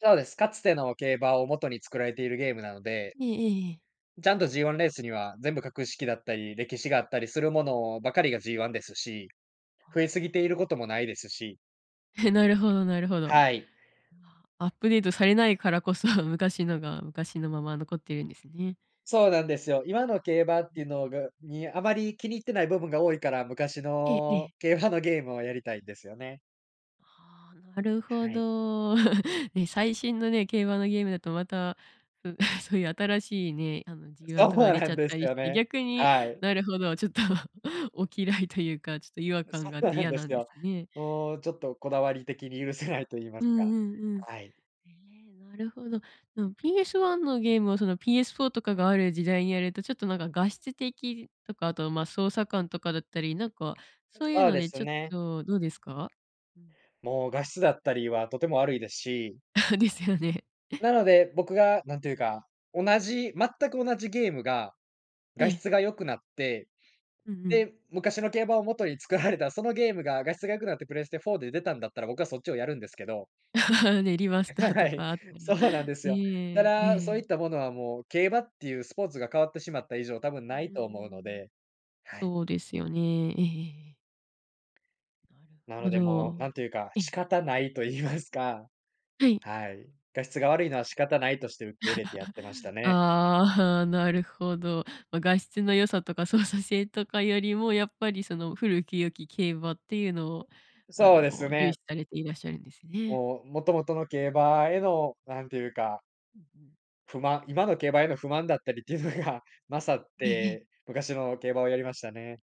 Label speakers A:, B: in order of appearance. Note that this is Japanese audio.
A: そうです。かつての競馬を元に作られているゲームなので。
B: ええええええ。
A: ちゃんと、G 1レースには全部格式だったり、歴史があったりするものばかりが G 1ですし、
B: あ
A: 増え
B: あ、
A: すぎている
B: あ。
A: 事もないですし。
B: え、なるほどなるほど。あ
A: はい。
B: あ、アップデートされないからこそ、昔のが昔のまま、残ってるんですね。
A: そうなんですよ。今の競馬って
B: う
A: 言
B: ん。
A: うのがにあまり気に入ってない部分が多いから、昔
B: えええ
A: の
B: え。
A: 競馬のゲームをやりたいんですよね。
B: ああ、なるほ
A: はい。
B: ど、ね。最新のね、競馬のゲームだと、また、ふ、そういう新しいね、あの、G 1
A: そ
B: とかが、
A: う
B: 出
A: な
B: ちゃ
A: ん
B: っ
A: で
B: た
A: す
B: りし
A: よ
B: て、
A: ね、
B: 逆に、
A: はい。
B: なるほど、ちょっと、お嫌いというか、ちょっと、違和
A: あ、
B: 感
A: そ
B: があっ
A: う
B: て
A: なん
B: 嫌
A: で
B: な
A: す
B: んで
A: よ。
B: すね。
A: もうちょっと、こだわり的に許せないと言いま
B: う
A: す
B: ん
A: か、
B: うんうん、
A: はい。
B: へえ、なるほど、なん PS 1のゲームを、その、PS 4とかがある時代にやると、ちょっと、何か、画質的とか、後、まあ、操作感とかだったり、何か、そういう
A: そう
B: の
A: で
B: で、
A: す
B: ちょっ
A: ね。
B: と、どうですか？
A: もう画質だったりは、とても悪いですし。
B: あ、ですよね。
A: な ので、僕が何て言うか、同じ、全く同じゲームが、
B: え
A: 画
B: え。
A: 質が良くなって、
B: うんうん。
A: で、昔の競馬を元に作られた、そのゲームが、画質が良くなって、プレステ4で出たんだったら、僕はそっちをやるんですけど。
B: ネリマスター
A: は
B: と
A: い、
B: かあった
A: そ
B: ら、
A: うなんですよ。た
B: ね、え
A: だ、そう
B: え。
A: いったものは、もう競馬っていうスポーツが変わってしまった以上、多分
B: う
A: ない
B: ー
A: と思うの
B: ん。
A: で、はい。
B: そうですよね、ええええええ。なる
A: な
B: ほ
A: のでもう、
B: ど、
A: 何というか、
B: え
A: 仕
B: え。
A: 方ないと言いますか。
B: はい。
A: はい、画質が悪いのは、仕方ないとして受け入れてやってました ね。
B: ああ、なるほど、まあ、画質の良さとか、操作性とかよりも、やっぱり、その、古き良き競馬っていうのを、あ
A: そうです
B: の、重
A: ね。
B: 視されていらっしゃるんですね。
A: もう、元々の競馬への、何て言うか。
B: うんうん。
A: 不満今の競馬への不満だったりっていうのが勝っ
B: ええええ。
A: て、昔の競馬をやりましたね。